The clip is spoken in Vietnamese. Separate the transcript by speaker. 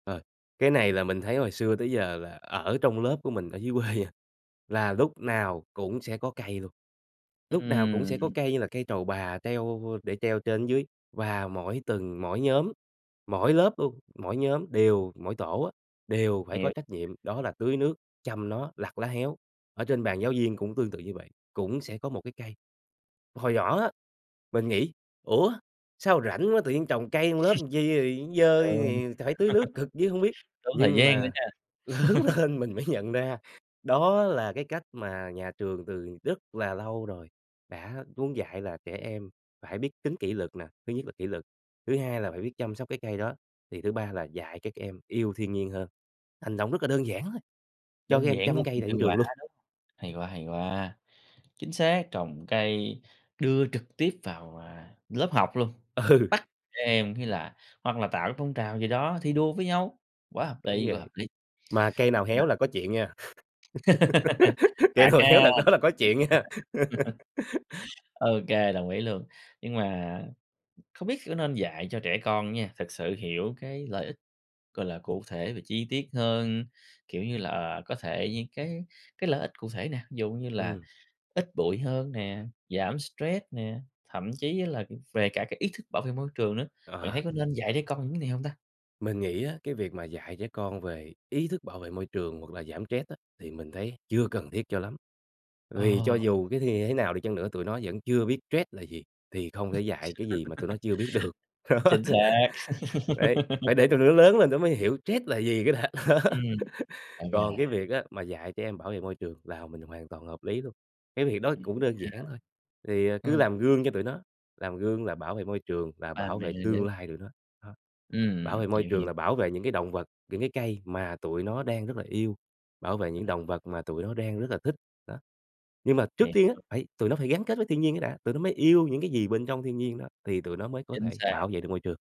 Speaker 1: Ờ, cái này là mình thấy hồi xưa tới giờ là ở trong lớp của mình ở dưới quê nha, là lúc nào cũng sẽ có cây luôn. Lúc nào cũng sẽ có
Speaker 2: Ừm.
Speaker 1: cây như là cây trầu bà treo để treo trên dưới và mỗi tầng, mỗi nhóm, mỗi lớp luôn, mỗi nhóm đều mỗi tổ á đều phải có
Speaker 2: Hiểu.
Speaker 1: trách nhiệm, đó là tưới nước, chăm nó, lặt lá héo, ở trên bàn giáo viên cũng tương tự như vậy, cũng sẽ có một cái cây. Hồi nhỏ á, mình nghĩ "Ủa? Sao rảnh quá tự nhiên trồng cây trong lớp làm chi rồi nó dơ,
Speaker 2: Đúng.
Speaker 1: thì phải tưới nước cực dữ hông biết."
Speaker 2: Tốn thời
Speaker 1: Nhưng
Speaker 2: gian nữa
Speaker 1: mà
Speaker 2: nha.
Speaker 1: lớn lên mình mới nhận ra đó là cái cách mà nhà trường từ rất là lâu rồi đã muốn dạy là trẻ em phải biết tính kỷ luật nà, thứ nhất là kỷ luật, thứ hai là phải biết chăm sóc cái cây đó, thì thứ ba là dạy các em yêu thiên nhiên hơn, hành động rất là đơn giản thôi, cho các
Speaker 2: Đơn
Speaker 1: em
Speaker 2: giản
Speaker 1: chăm
Speaker 2: thôi
Speaker 1: cây
Speaker 2: mà
Speaker 1: tại trên
Speaker 2: hiệu
Speaker 1: trường
Speaker 2: quả,
Speaker 1: luôn.
Speaker 2: đúng Hay quá, hay quá! Chính xác, trồng cây đưa trực tiếp vào, ờ, lớp học luôn,
Speaker 1: Ừ.
Speaker 2: bắt trẻ em hay là hoặc là tạo phong trào gì đó, thi đua với nhau, quá hợp
Speaker 1: Đúng
Speaker 2: lý, quá hợp
Speaker 1: vậy,
Speaker 2: lý.
Speaker 1: mà cây nào
Speaker 2: Nhưng mà
Speaker 1: héo là có chuyện nha. Cây
Speaker 2: Phạt
Speaker 1: nào
Speaker 2: ha,
Speaker 1: héo đợt đó là có chuyện nha.
Speaker 2: ô kê, đồng ý luôn. Nhưng mà, không biết có nên dạy cho trẻ con á nha, thực sự hiểu cái lợi ích, gọi là, cụ thể và chi tiết hơn, kiểu như là, ờ, có thể những cái cái lợi ích cụ thể nè, ví dụ như là,
Speaker 1: Ừm.
Speaker 2: ít bụi hơn nè, giảm stress nè, thậm chí là về cả cái ý thức bảo vệ môi trường nữa, bạn
Speaker 1: Ờ.
Speaker 2: thấy có nên dạy trẻ con những này hông ta?
Speaker 1: Mình nghĩ á, cái việc mà dạy trẻ con về ý thức bảo vệ môi trường hoặc là giảm stress á thì mình thấy chưa cần thiết cho lắm,
Speaker 2: Ờ.
Speaker 1: vì cho dù cái thì thế nào đi chăng nữa, tụi nó vẫn chưa biết stress là gì, thì không thể dạy cái gì mà tụi nó chưa biết được, đó.
Speaker 2: Chính xác.
Speaker 1: Đấy, phải để tụi nó lớn lên tụi nó mới hiểu stress là gì cái đã, đó.
Speaker 2: Ừm. Ô
Speaker 1: Còn cái
Speaker 2: kê.
Speaker 1: việc á mà dạy trẻ em bảo vệ môi trường là mình hoàn toàn hợp lý luôn, cái việc đó
Speaker 2: Hiểu
Speaker 1: cũng đơn
Speaker 2: nha.
Speaker 1: giản thôi, thì, à, cứ
Speaker 2: Ừm.
Speaker 1: làm gương cho tụi nó, làm gương là bảo vệ môi trường là
Speaker 2: Ba
Speaker 1: bảo
Speaker 2: mẹ
Speaker 1: vệ tương
Speaker 2: dễ
Speaker 1: lai tụi nó, đó. Bảo
Speaker 2: ừm,
Speaker 1: vệ môi
Speaker 2: hiểu,
Speaker 1: trường
Speaker 2: hiểu.
Speaker 1: là bảo vệ những cái động vật, những cái cây mà tụi nó đang rất là yêu, bảo vệ những động vật mà tụi nó đang rất là thích, đó. Nhưng mà trước tiên á
Speaker 2: Hiểu.
Speaker 1: phải tụi nó phải gắn kết với thiên nhiên cái đã, tụi nó mới yêu những cái gì bên trong thiên nhiên đó thì tụi nó mới có
Speaker 2: Chính
Speaker 1: thể
Speaker 2: xác.
Speaker 1: bảo vệ được môi trường.